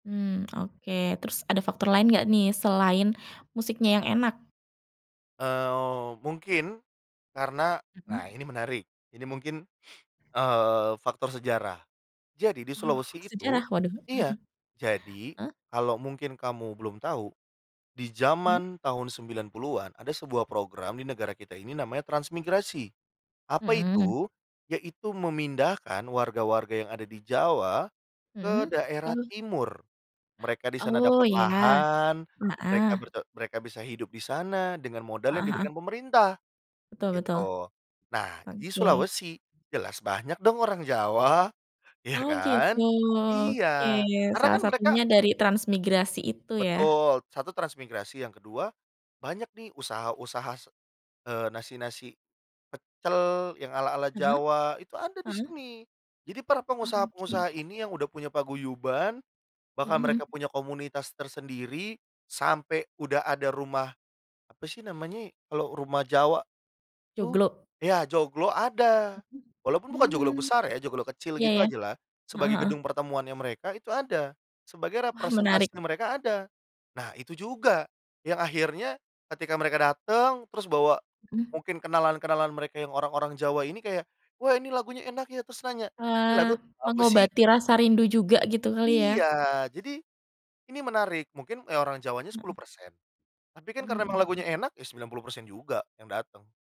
Mmm. Oke. Terus ada faktor lain nggak nih selain musiknya yang enak? Eee, mungkin karena Mmm. nah, ini menarik ini mungkin, eee, faktor sejarah. Jadi di Oh, Sulawesi itu sejarah? Waduh. iya, jadi Eee kalau mungkin kamu belum tahu di Mmm. zaman tahun 90-an ada sebuah program di negara kita ini namanya transmigrasi. Apa Mmm. itu? Yaitu, memindahkan warga-warga yang ada di Jawa ke Mmm, daerah oh. Timur. Mereka di sana Oh, dapat ya. lahan, mereka Heeh. berte mereka bisa hidup di sana dengan modal yang Heeh heeh. diberikan pemerintah, Betul betul, gitu. Nah, di oke. Sulawesi jelas banyak dong orang Jawa. Iya Oh, kan? gitu. Oke. Iya, karena Salah kan mereka satunya dari transmigrasi itu ya? Betul, 1 transmigrasi. Yang ke-2, banyak nih usaha-usaha se eee, nasi-nasi pecel yang ala-ala Heeh. Jawa, itu ada di Heeh. sini. Jadi, para Oke. pengusaha-pengusaha ini yang udah punya paguyuban, bahkan Mmm, mereka hmm. punya komunitas tersendiri sampai udah ada rumah, apa sih namanya kalau rumah Jawa itu? Joglo? Ya, joglo ada, walaupun bukan joglo Mmm. besar ya joglo kecil Iya, gitu ya. ajalah, Heeh sebagai heeh. gedung pertemuannya mereka itu ada. Sebagai Wah menarik. representasi mereka ada. Nah, itu juga yang akhirnya ketika mereka datang terus bawa Mmm. mungkin kenalan-kenalan mereka yang orang-orang Jawa ini kayak, "Wah, ini lagunya enak ya," terus nanya, Wah, "lagu apa sih?" mengobati rasa rindu juga gitu kali ya? Iya, jadi ini menarik. Mungkin orang Jawanya Heeh. 10%, tapi kan Mmm, karena hmm. lagunya enak ya 90% juga yang datang.